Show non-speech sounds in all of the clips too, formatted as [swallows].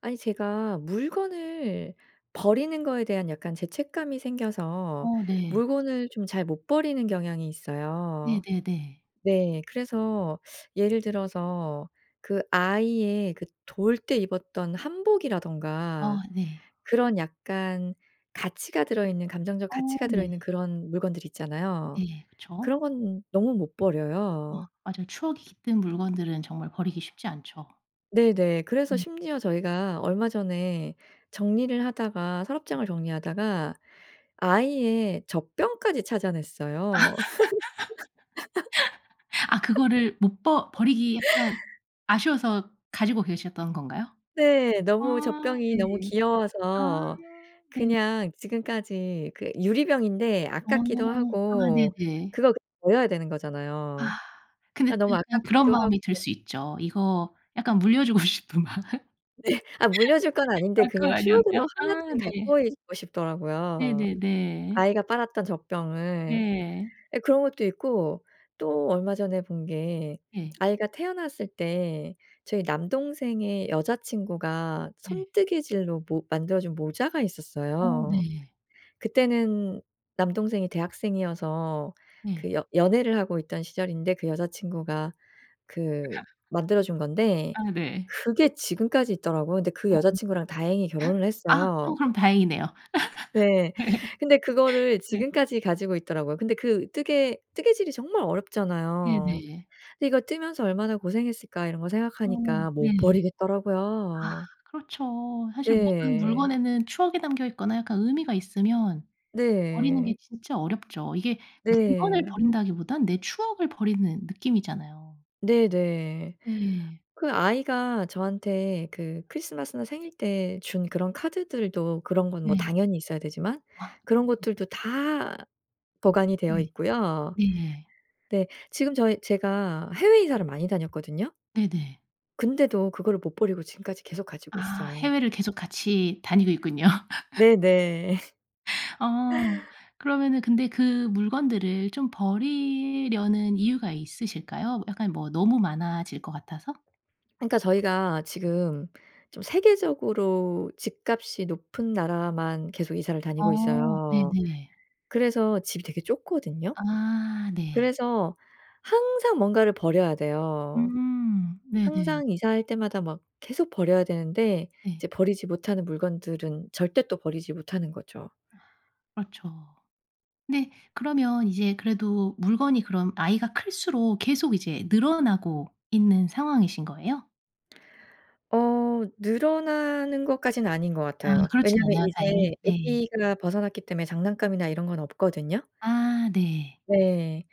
아니 제가 물건을 버리는 거에 대한 약간 죄책감이 생겨서 어 네. 물건을 좀 잘 못 버리는 경향이 있어요. 네네네. 네. 그래서 예를 들어서 그 아이의 그 돌 때 입었던 한복이라든가 아 네. 그런 약간 가치가 들어있는 감정적 어 가치가 들어 네. 있는 그런 물건들 있잖아요. 네 그쵸. 그런 건 너무 못 어 버려요. 맞아요. 추억이 깃든 물건들은 정말 버리기 쉽지 않죠. 네네. 그래서 네. 심지어 저희가 얼마 전에 정리를 하다가 네. 서랍장을 정리하다가 아이의 젖병까지 아. 찾아냈어요. [laughs] [laughs] 아 그거를 못 버 버리기 약간 [laughs] 아쉬워서 가지고 계셨던 건가요? 네. 너무 아 젖병이 너무 네. 아 귀여워서 네. 그냥 지금까지 그 유리병인데 어. 아깝기도 아 하고 네네. 그거 버려야 되는 거잖아요. 아. 근데 아 너무 으 은 그런 아깝기도 하고 마음이 들 수 있죠, 이거 약간 물려주고 싶은 마음. [laughs] 네. 아 물려줄 건 아 아닌데 그건 그냥 아니었나요? 추억으로 아 1 쯤 네. 갖고 있고 싶더라고요, 네네네. 아이가 빨았던 젖병을. 예. 예 그런 것도 있고 또 얼마 전에 본 게 예. 아이가 태어났을 때 저희 남동생의 여자친구가 네. 손뜨개질로 모 만들어준 모자가 어 있었어요. 네. 그때는 남동생이 대학생이어서 그 네. 연 연애를 하고 있던 시절인데 그 여자친구가 그 [laughs] 만들어준 건데 아 네. 그게 지금까지 있더라고요. 근데 그 어. 여자친구랑 다행히 결혼을 [laughs] 아 했어요. 어 그럼 다행이네요. 네. 근데 [laughs] 그거를 네. 네. 지금까지 가지고 있더라고요. 근데 그 뜨개 뜨개질이 정말 어렵잖아요. 네네. 근데 '이거 뜨면서 얼마나 고생했을까.' 이런 거 어 생각하니까 네. 못 아 버리겠더라고요. 그렇죠. 사실 모든 네. 물건에는 추억이 담겨있거나 약간 의미가 있으면 버리는 네. 게 진짜 어렵죠. 이게 물건을 네. 버린다기보단 내 추억을 버리는 느낌이잖아요. 네네. 네. 그 아이가 저한테 그 크리스마스나 생일 때 준 그런 카드들도 그런 건 뭐 네. 당연히 있어야 되지만 아. 그런 [unintelligible] 것들도 다 보관이 되어 네. 있고요. 네. 네 지금 저희 제가 해외 이사를 많이 다녔거든요. 네네. 근데도 그거를 못 버리고 지금까지 계속 가지고 아 있어요. 해외를 계속 같이 다니고 있군요. [laughs] 네네. 어 [laughs] 그러면은 근데 그 물건들을 좀 버리려는 이유가 있으실까요? 뭐 약간 뭐 너무 많아질 거 같아서? [swallows] 그러니까 저희가 지금 좀 세계적으로 집값이 높은 나라만 계속 이사를 다니고 어 있어요. 네네. 그래서 집이 되게 좁거든요. 아 네. 그래서 항상 뭔가를 버려야 돼요. 음 네네. 항상 이사할 때마다 막 계속 버려야 되는데 네. 이제 버리지 못하는 물건들은 절대 또 버리지 못하는 거죠. 아. 그렇죠. 근데 그러면 이제 그래도 물건이 그럼 아이가 클수록 계속 이제 늘어나고 있는 상황이신 거예요? 어 늘어나는 것까지는 아닌 것 아 같아요. 그렇진 왜냐하면 않아요 다행히? 이제 네. 아기가 벗어났기 때문에 장난감이나 이런 건 없거든요. 아. 네. 네.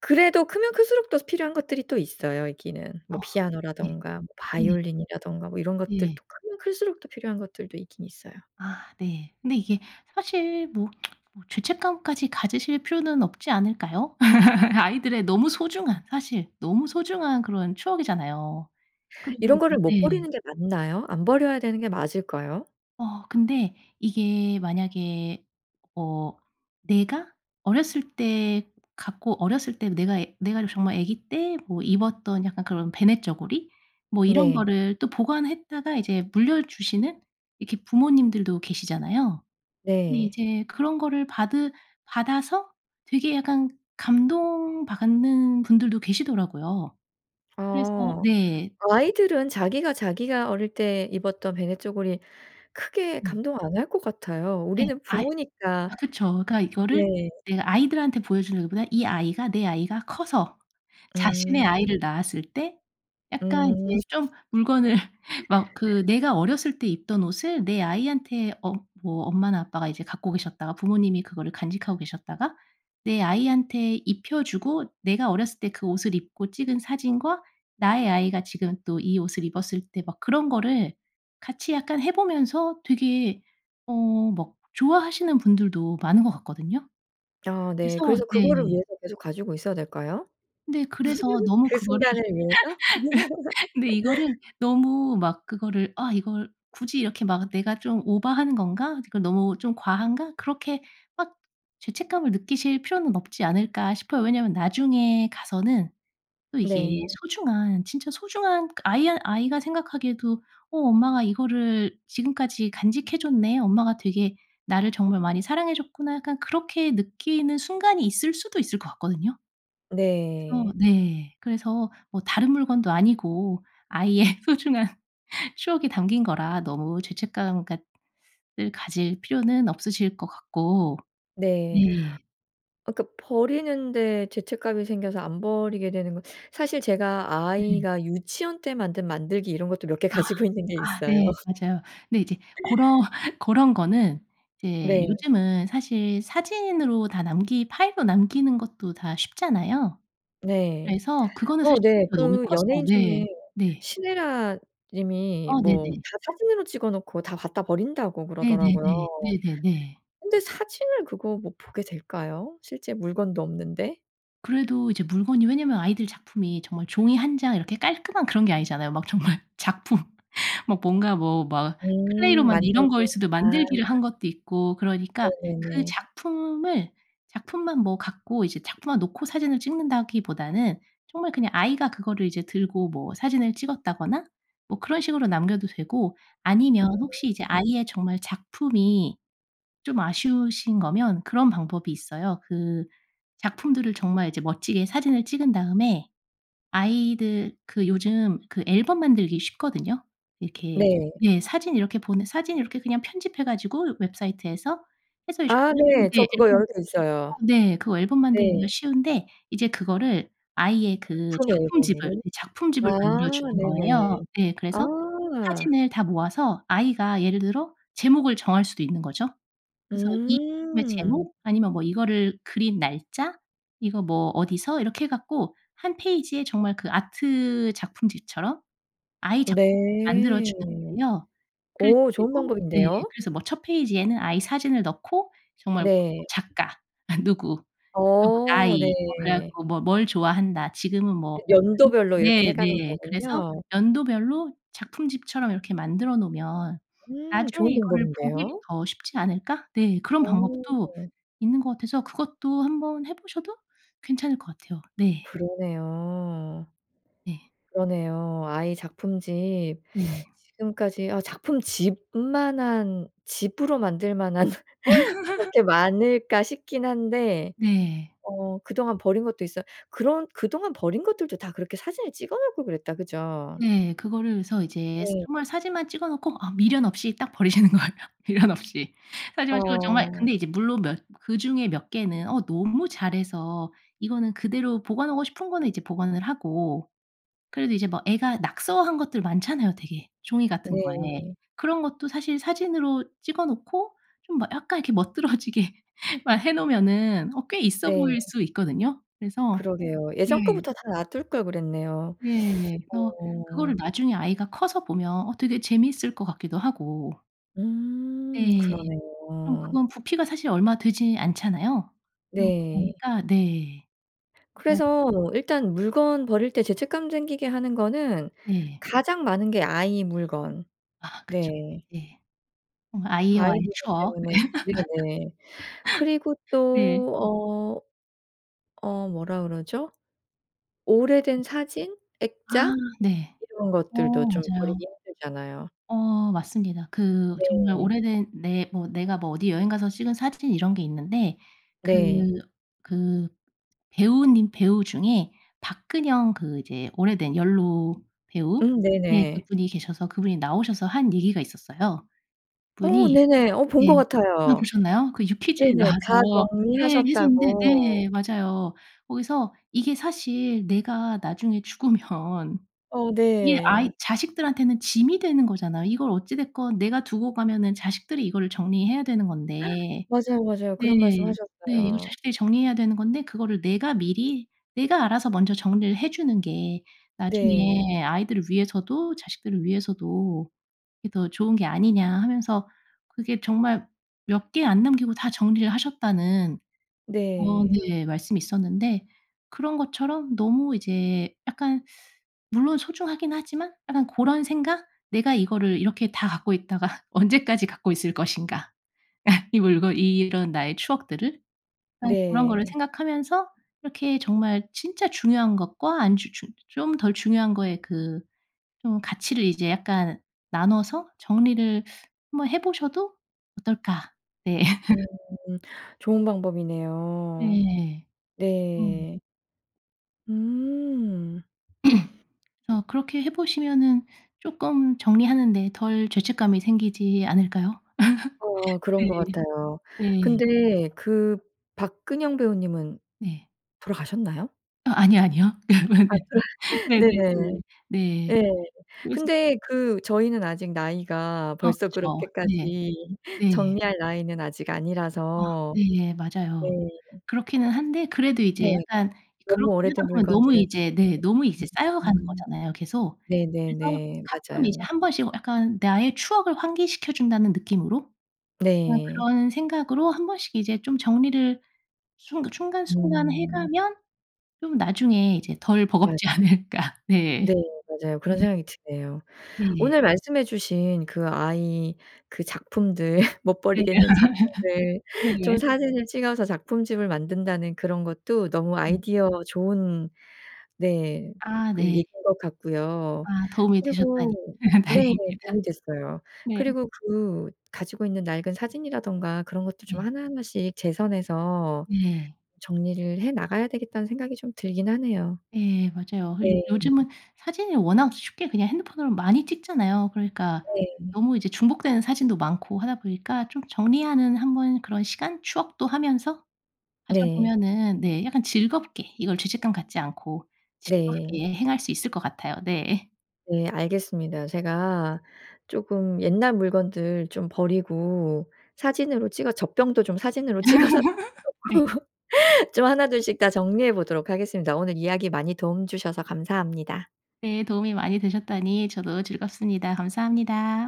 그래도 크면 클수록 또 필요한 것들이 또 있어요 있기는. 뭐 어. 네. 피아노라든가 뭐 네. 바이올린이라든가 뭐 이런 네. 것들도 크면 클수록 또 필요한 것들도 있긴 있어요. 아 네. 근데 이게 사실 뭐 [tsk] 뭐 죄책감까지 가지실 필요는 없지 않을까요? [laughs] 아이들의 너무 소중한, 사실 너무 소중한 그런 추억이잖아요. 그리고 이런 이제 거를 못 네. 버리는 게 맞나요? 안 버려야 되는 게 맞을까요? 어. 근데 이게 만약에 어 내가 어렸을 때 갖고 어렸을 때 내가 내가 정말 애기 때 뭐 입었던 약간 그런 배냇저고리 뭐 이런 네. 거를 또 보관했다가 이제 물려주시는 이렇게 부모님들도 계시잖아요. 근데 네. 이제 그런 거를 받으 받아서 되게 약간 감동받는 분들도 계시더라고요. 그래서 어. 네. 아이들은 자기가 자기가 어릴 때 입었던 배냇저고리 크게 네. 감동 안 할 것 같아요. 네. 우리는 아예 부모니까 아 그쵸. 그러니까 네. 이거를 내가 아이들한테 보여주는 것보다 이 아이가, 내 아이가 커서 자신의 음. 아이를 낳았을 때 약간 음. 이제 좀 물건을 막 그 [laughs] 내가 어렸을 때 입던 옷을 내 아이한테 어 뭐 엄마나 아빠가 이제 갖고 계셨다가 부모님이 그거를 간직하고 계셨다가 내 아이한테 입혀 주고 내가 어렸을 때 그 옷을 입고 찍은 사진과 나의 아이가 지금 또 이 옷을 입었을 때 막 그런 거를 같이 약간 해 보면서 되게 어 막 좋아하시는 분들도 많은 것 같거든요. 아 그래서 네. 그래서 그거를 네. 위해서 계속 가지고 있어야 될까요? 네. 그래서 [laughs] 너무 그 그거를 순간을 위해서? [laughs] 근데 이거를 [laughs] 너무 막 그거를 '아 이걸 굳이 이렇게 막 내가 좀 오바하는 건가? 이제 그 너무 좀 과한가?' 그렇게 막 죄책감을 느끼실 필요는 없지 않을까 싶어요. 왜냐하면 나중에 가서는 또 이게 네. 소중한 진짜 소중한 그 아이한 아이가 생각하기에도 '어 엄마가 이거를 지금까지 간직해 줬네. 엄마가 되게 나를 정말 많이 사랑해 줬구나.' 약간 그렇게 느끼는 순간이 있을 수도 있을 것 같거든요. 그래서 네. 네 그래서 뭐 다른 물건도 아니고 아이의 소중한 추억이 담긴 거라 너무 죄책감 갖 을 가질 필요는 없으실 것 같고. 네. 네. 아 그러니까 버리는데 죄책감이 생겨서 안 버리게 되는 거 [sucks teeth] 사실 제가 네. 아이가 유치원 때 만든 만들기 이런 것도 몇 개 아. 가지고 있는 게 아 있어요. 네. 맞아요. 근데 이제 고러 고런 거는 이제 네. 요즘은 사실 사진으로 다 남기 파일로 남기는 것도 다 쉽잖아요. 네. 그래서 그거는 사실 어 네. 부피가 너무 그 커서 연예인 네. 중에 네. 신애라 님이 아 뭐 네네. "다 사진으로 찍어 놓고 다 갖다 버린다."고 네네네. 그러더라고요. 네네네. 근데 사진을 그거 뭐 보게 될까요? 실제 물건도 없는데? 그래도 이제 물건이 왜냐하면 아이들 작품이 정말 종이 1 장 이렇게 깔끔한 그런 게 아니잖아요. 막 정말 작품 막 뭔가 뭐 막 클레이로 음. 만든 이런 만들기 거일 수도 아. 만들기를 한 것도 있고 그러니까 그 네네네. 작품을 작품만 뭐 갖고 이제 작품만 놓고 사진을 찍는다기보다는 정말 그냥 아이가 그거를 이제 들고 뭐 사진을 찍었다거나 뭐 그런 식으로 남겨도 되고 아니면 혹시 이제 음. 아이의 정말 작품이 좀 아쉬우신 거면 그런 방법이 있어요. 그 작품들을 정말 이제 멋지게 사진을 찍은 다음에 아이들 그 요즘 그 앨범 만들기 쉽거든요. 이렇게 네. 예. 사진 이렇게 보내 사진 이렇게 그냥 편집해 가지고 웹사이트에서 해서 아 요즘엔 네. 저 인제 그거 앨범 열고 어 있어요. 네. 그거 앨범 만들기가 네. 쉬운데 이제 그거를 아이의 그 작품 작품집을, 앨범으로 이 아 작품집을 만들어 주는 네네. 거예요. 예. 그래서 아. 사진을 다 모아서 아이가 예를 들어 제목을 정할 수도 있는 거죠. 그래서 이 작품의 음. 제목 아니면 뭐 이거를 그린 날짜 이거 뭐 어디서 이렇게 해 갖고 1 페이지에 정말 그 아트 작품집처럼 아이 작품집을 만들어 네. 주는 거예요. 그래서 오 이제 좋은 뭐 예. 방법인데요. 그래서 뭐 1 페이지에는 아이 사진을 넣고 정말 뭐 네. 작가 [laughs] 누구 그리고 어 네. 나이 뭐 그래 갖고 뭐 뭘 좋아한다, 지금은 예 뭐 연도별로 이렇게 해 가는 네네. 그래서 거군요. 연도별로 작품집처럼 이렇게 만들어 놓으면 음 나중에 좋은 이거를 보기도 방법인데요. 더 쉽지 않을까? 네. 그런 방법도 어. 있는 것 같아서 그것도 1 번 해 보셔도 괜찮을 것 같아요. 네. 그러네요. 네. 그러네요. 아이 작품집. 네. [sucks teeth] 지금까지 '어 작품집만한 집으로 만들 만한 그렇게 [laughs] 많을까?' 싶긴 한데 네. 어 그동안 버린 것도 있어요. 그런 그동안 버린 것들도 다 그렇게 사진을 찍어 놓을 걸 그랬다, 그죠? 네. 그거를 그래서 이제 네. 정말 사진만 찍어 놓고 아 미련 없이 딱 버리시는 거예요. 미련 없이. 사진만 찍고 정말 어. 근데 이제 물론 몇 그중에 몇 개는 어 너무 잘해서 이거는 그대로 보관하고 싶은 거는 이제 보관을 하고 그래도 이제 뭐 애가 낙서한 것들 많잖아요 되게 종이 같은 거에. 네. 그런 것도 사실 사진으로 찍어 놓고 좀 뭐 약간 이렇게 멋들어지게 막 해 놓으면은 어 꽤 있어 네. 보일 수 있거든요. 그래서 그러게요. 네. 예전 거부터 다 놔둘 걸 그랬네요. 네. [sucks teeth] 그래서 그거를 어. 나중에 아이가 커서 보면 어 되게 재밌을 것 같기도 하고. 음 네. 그럼 그러네요. 그건 부피가 사실 얼마 되지 않잖아요. 음 네. 그러니까 네. 그래서 그래서 일단 물건 버릴 때 죄책감 생기게 하는 거는 네. 가장 많은 게 아이 물건. 아 그쵸. 네. 예. 어 아이 아이와의 물건 추억. 때문에 [laughs] 네네. 그리고 네. 또 어 어 뭐라 그러죠? 오래된 사진, 아 액자 네. 이런 어 것들도 좀 맞아요. 버리기 힘들잖아요. 어 맞습니다. 그 정말 네. 오래된 내 뭐 내가 뭐 어디 여행 가서 찍은 사진 이런 게 있는데 그 네. 그 배우 님 배우 중에 박근형 그 이제 오래된 연로 배우 음 네 네네. 그분이 계셔서 그분이 나오셔서 한 얘기가 있었어요. 어 그분이 네네. 어 본 예. 것 아 같아요. 보셨나요? 그 유퀴즈에 네네. 다 나와서 네 했었는데 정리하셨다고. 네 맞아요. 거기서 이게 사실 내가 나중에 죽으면 어 이게 아이 네. 자식들한테는 짐이 되는 거잖아요. 이걸 어찌 됐건 내가 두고 가면은 자식들이 이거를 정리해야 되는 [gasps] 건데 맞아요, 맞아요. 네. 그런 말씀 네. "이거 하셨어요. 자식들이 정리해야 되는 건데 그거를 내가 미리 내가 알아서 먼저 정리를 해 주는 게 네. 나중에 아이들을 위해서도 자식들을 위해서도 이게 더 좋은 게 아니냐." 하면서 그게 정말 "몇 개 안 남기고 다 정리를 하셨다."는 어 네. 네 말씀이 있었는데 그런 것처럼 너무 이제 약간 물론 소중하긴 하지만 약간 고런 생각? 내가 이거를 이렇게 다 갖고 있다가 언제까지 갖고 있을 것인가. [laughs] 이걸, 이걸 이런 나의 추억들을 그냥 그런 거를 네. 생각하면서 이렇게 정말 진짜 중요한 것과 안 주 주 좀 덜 중요한 거에 그 좀 가치를 이제 약간 나눠서 정리를 한번 해 보셔도 어떨까. 네. 음. [laughs] 좋은 방법이네요. 네. 음. 네. 음. [clears throat] 어 그렇게 해 보시면은 쪼끔 정리하는 데 덜 죄책감이 생기지 않을까요? [laughs] 어 그런 네. 것 같아요. 네. 근데 그 박근형 배우님은 네. 돌아가셨나요? 아 아니요, 아니요. 아 [laughs] 그렇 네네네 네네. 네. 예. 그래서 근데 그 저희는 아직 나이가 아 벌써 그쵸. 네. 그렇게까지 네. 정리할 나이는 아직 아 아니라서 네. 맞아요. 네. 그렇기는 한데 그래도 네. 이제 약간 너무 그렇게 오래된 하다 보면 너무 물건들은 이제 네 너무 [unintelligible] 음 이제 쌓여가는 음. 거잖아요, 계속. 그래서 네네네. 가끔 이제 맞아요. 한 번씩 약간 나의 추억을 환기시켜 준다는 느낌으로 어 네. 그런 생각으로 한 번씩 이제 좀 정리를 순 순간순간 해 음. 가면 좀 나중에 이제 덜 맞아요. 버겁지 않을까. 네. 네 맞아요. 그런 네. 생각이 드네요. 네. 오늘 말씀해 주신 그 아이 그 작품들 [laughs] 못 네. 버리겠는 작품들 [laughs] 좀 네. 사진을 찍어서 작품집을 만든다는 그런 것도 너무 음. 아이디어 좋은 네 아 그 네. 얘기인 것 같고요. 아 도움이 되셨다니 그리고 네 다행입니다. 도움이 됐어요. 네. 그리고 그 가지고 있는 낡은 사진이라든가 그런 것도 좀 네. 하나하나씩 제 선에서 네. '정리를 해 나가야 되겠다.'는 생각이 좀 들긴 하네요. 예 맞아요. 요 네. 요즘은 사진이 워낙 쉽게 그냥 핸드폰으로 많이 찍잖아요. 그러니까 네. 너무 이제 중복되는 사진도 많고 하다 보니까 좀 정리하는 한번 그런 시간 추억도 하면서 네. 가져보면은 네 약간 즐겁게 이걸 죄책감 갖지 않고 네. 즐겁게 행할 수 있을 것 같아요. 네. [laughs] 네. 알겠습니다. 제가 쪼금 옛날 물건들 좀 버리고 사진으로 찍어 젖병도 좀 사진으로 [laughs] 찍어서 해 네. 놓고 [laughs] 좀 1-2 씩 다 정리해 보도록 하겠습니다. 오늘 이야기 많이 도움 주셔서 감사합니다. 네 도움이 많이 되셨다니 저도 즐겁습니다. 감사합니다.